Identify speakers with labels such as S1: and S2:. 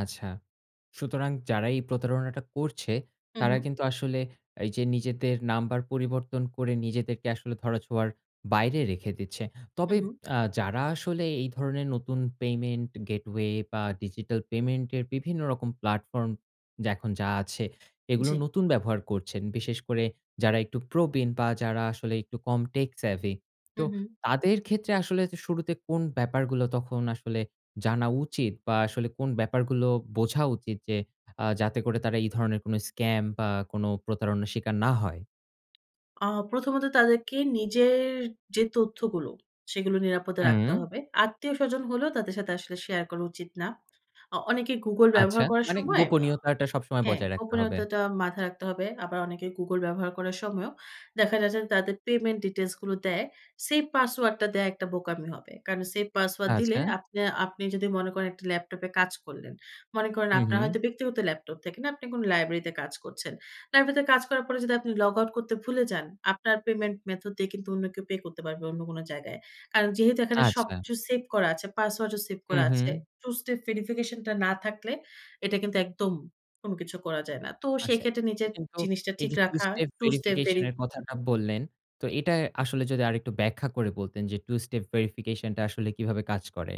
S1: আচ্ছা। সুতরাং, যারা এই প্রতারণাটা করছে,
S2: হু,
S1: তারা
S2: হু।
S1: কিন্তু আসলে এইযে নিজেদের নাম্বার পরিবর্তন করে, নিজেদেরকে আসলে ধরা ছোঁয়ার বাইরে রেখে দিচ্ছে।
S2: হু,
S1: তবে
S2: হু।
S1: আ যারা আসলে এই ধরনের নতুন পেমেন্ট গেটওয়ে বা ডিজিটাল পেমেন্টের বিভিন্ন রকম প্লাটফর্ম যা এখন যা আছে। এগুলো
S2: জ্বি।
S1: নতুন ব্যবহার করছেন। বিশেষ করে যারা একটু প্রবীণ বা যারা আসলে একটু কম টেক সেভি
S2: হু,
S1: তো
S2: হু।
S1: তাদের ক্ষেত্রে আসলে যে শুরুতে কোন ব্যাপারগুলো, তখন আসলে জানা উচিত, বা আসলে কোন ব্যাপারগুলো বোঝা উচিত? যে আ যাতে করে তারা এই ধরনের কোন স্ক্যাম বা কোন প্রতারণার স্বীকার না হয়?
S2: আ প্রথমত তাদেরকে নিজের যে তথ্যগুলো, সেগুলো নিরাপদে রাখতে
S1: হু।
S2: হবে। আত্মীয়স্বজন হলেও তাদের সাথে আসলে শেয়ার করা উচিত না। আ অনেকে Google
S1: আচ্ছা।
S2: ব্যবহার করার
S1: মানে
S2: সময়, আ
S1: গোপনীয়তাটা সবসময়
S2: হ্যাঁ,
S1: বজায় রাখতে হবে।
S2: গোপনীয়তাটা মাথায় রাখতে হবে। আবার অনেকে Google ব্যবহার করার সময়ও দেখা যাচ্ছে যে, তাদের পেমেন্ট ডিটেইলস গুলো দেয়। সেভ পাসওয়ার্ড টা দেয়া একটা বোকামি হবে। কারণ সেভ পাসওয়ার্ড দিলে
S1: আচ্ছা।
S2: আপনে আপনি যদি মনে করেন একটা ল্যাপটপে কাজ করলেন। মনে করেন
S1: হুঁ,
S2: আপনার
S1: হুঁ।
S2: হয়তো ব্যক্তিগত ল্যাপটপ থেকে না, আপনি কোন লাইব্রেরিতে কাজ করছেন। লাইব্রেরিতে কাজ করার পরে যদি আপনি লগআউট করতে ভুলে যান, আপনার পেমেন্ট মেথড দিয়ে কিন্তু অন্য কেউ পে করতে পারবে, অন্য কোন জায়গায়। কারণ যেহেতু এখানে
S1: আচ্ছা।
S2: সবকিছু সেভ করা আছে, পাসওয়ার্ডও সেভ
S1: হু,
S2: করা আছে।
S1: হু।
S2: টু স্টেপ ভেরিফিকেশন টা না থাকলে, এটা কিন্তু একদম কোন কিছু করা যায় না। তো
S1: আচ্ছা,
S2: সেইক্ষেত্রে
S1: এখানে
S2: নিজের
S1: কিন্তু
S2: জিনিসটা ঠিক
S1: এইযে টু
S2: রাখা,
S1: স্টেপ
S2: টু স্টেপ
S1: ভেরিফিকেশন
S2: ভেরি
S1: এর কথাটা বললেন, তো এটা আসলে যদি আরেকটু ব্যাখ্যা করে বলতেন যে, টু স্টেপ ভেরিফিকেশন টা আসলে কিভাবে কাজ করে?